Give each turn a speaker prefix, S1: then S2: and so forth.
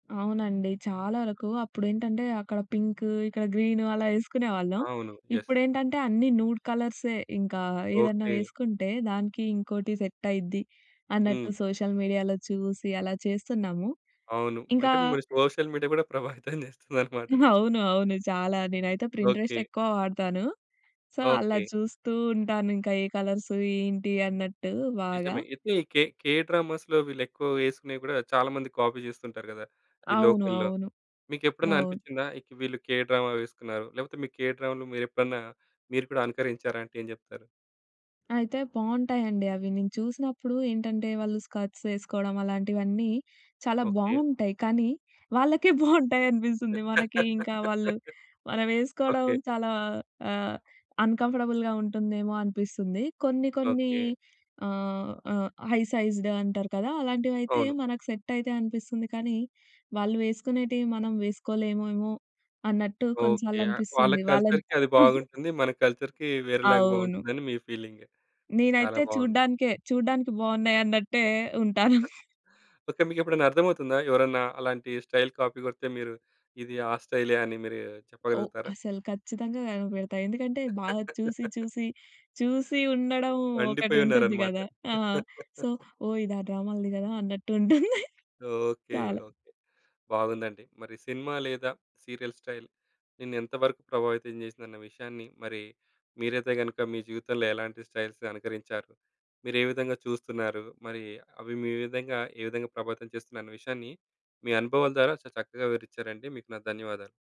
S1: అవునండి. చాలా వరకు అప్పుడేంటంటే అక్కడ పింకూ, ఇక్కడ గ్రీను అలా ఏసుకునేవాళ్ళం.
S2: అవును. యెస్.
S1: ఇప్పుడేంటంటే అన్నీ నూడ్ కలర్సే. ఇంకా ఏదన్నా
S2: ఓకే.
S1: వేసుకుంటే దానికి ఇంకోటి సెట్ అయిద్ది అన్నట్టు
S2: హ్మ్.
S1: సోషల్ మీడియాలో చూసి అలా చేస్తున్నాము.
S2: అవును.
S1: ఇంకా
S2: అంటే మీరు సోషల్ మీడియా కూడా ప్రభావితం చేస్తుందన్నమాట.
S1: అవును, అవును, చాలా. నేనైతే పిన్‌ట్రెస్ట్
S2: ఓకే.
S1: ఎక్కువ వాడతాను. సో, అలా
S2: ఓకే.
S1: చూస్తూ ఉంటాను. ఇంక ఏ కలర్సు, ఏంటి అన్నట్టు బాగా.
S2: నిజమే. అయితే కే కే డ్రామాస్‌లో వీళ్ళెక్కువ వేసుకునేవి కూడా చాలా మంది కాపీ చేస్తుంటారు కదా! ఈ
S1: అవును.
S2: లోకల్‌లో.
S1: అవును.
S2: మీకెప్పుడన్నా
S1: అవును.
S2: అనిపిచ్చిందా? ఇక వీళ్ళు కే డ్రామా వేసుకున్నారు, లేకపోతే మీ కే డ్రామలు మీరెప్పుడన్నా మీరు కూడా అనుకరించారా అంటే ఏం చెప్తారు?
S1: అయితే బావుంటాయండి అవి. నేను చూసినప్పుడు ఏంటంటే వాళ్ళు స్కర్ట్స్ వేసుకోవడం అలాంటివన్నీ, చాలా
S2: ఓకే.
S1: బావుంటాయి. కానీ వాళ్ళకే బాగుంటాయనిపిస్తుంది. మనకి ఇంకా వాళ్ళు మనం వేసుకోడం
S2: ఓకే.
S1: చాలా ఆహ్, అన్‌కంఫర్టబుల్‌గా ఉంటుందేమో అనిపిస్తుంది. కొన్ని కొన్ని
S2: ఓకే.
S1: ఆహ్, ఆహ్, హై సైజ్డ్ అంటారు కదా! అలాంటివైతే
S2: అవును.
S1: మనకు సెట్టయితయి అనిపిస్తుంది కనీ, వాళ్ళు వేసుకునేటియి మనం వేసుకోలేవేమో అన్నట్టు
S2: ఓకే.
S1: కొన్నిసార్లు
S2: యా వాళ్ళ
S1: అనిపిస్తుంది. వాళ్ళన్
S2: కల్చర్‌కి అది బాగుంటుంది. మన కల్చర్‌కి వేరేలాగా
S1: అవును.
S2: బాగుంటుందని మీ ఫీలింగు. చాలా
S1: నేనైతే
S2: బాగుంది.
S1: చూడడానికే చూడడానికి బాగున్నాయన్నట్టే ఉంటాను.
S2: ఓకే. మీకెప్పుడన్నా అర్థమవుతుందా? ఎవరన్నా అలాంటి స్టైల్ కాపీ కొడితే మీరు, ఇది ఆ స్టైలే అని మీరు
S1: ఓహ్!
S2: చెప్పగలుగుతారా?
S1: అసలు ఖచ్చితంగా కనిపెడతా. ఎందుకంటే బాగా చూసి, చూసి, చూసి ఉండడం ఒకటుంటుంది
S2: పండిపోయున్నారనమాట.
S1: కదా! ఆ! సో, ఓహ్! ఇది ఆ డ్రామలది కదా! అన్నట్టుంటుంది.
S2: ఓకే.
S1: చాలా.
S2: ఓకే. బాగుందండి. మరి సినిమా లేదా సీరియల్ స్టైల్ నిన్ను ఎంత వరకు ప్రభావితం చేసిందన్న విషయాన్ని, మరి మీరైతే గనుక మీ జీవితంలో ఎలాంటి స్టైల్స్‌ని అనుకరించారు. మీరే విధంగా చూస్తున్నారు. మరీ అవి మీ విధంగా ఏ విధంగా ప్రభావితం చేస్తున్నాయన్న విషయాన్ని మీ అనుభవాల ద్వారా చాలా చక్కగా వివరిచ్చారండి. మీకు నా ధన్యవాదాలు.